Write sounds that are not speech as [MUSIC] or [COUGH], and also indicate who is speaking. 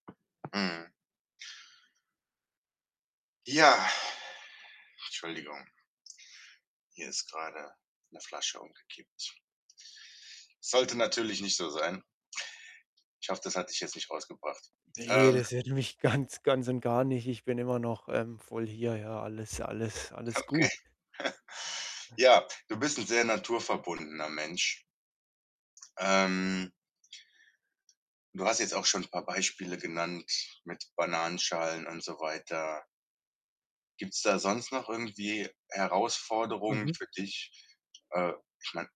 Speaker 1: Mhm. Ja. Entschuldigung. Hier ist grade 'ne Flasche umgekippt. Sollte natürlich nicht so sein. [SNORTS] Ich hoffe, das hat dich jetzt nicht rausgebracht.
Speaker 2: Ne,
Speaker 1: Ähm
Speaker 2: das hätte mich ganz ganz und gar nicht. Ich bin immer noch, ähm, voll hier, ja. Alles alles
Speaker 1: Okay.
Speaker 2: alles gut.
Speaker 1: [CHUCKLES] Ja, du bist sehr 'n naturverbundener Mensch. Ähm du hast jetzt auch schon 'n paar Beispiele genannt mit Bananenschalen und so weiter. Gibt's da sonst noch irgendwie Herausforderungen
Speaker 2: Mhm.
Speaker 1: für dich? Äh, ich meine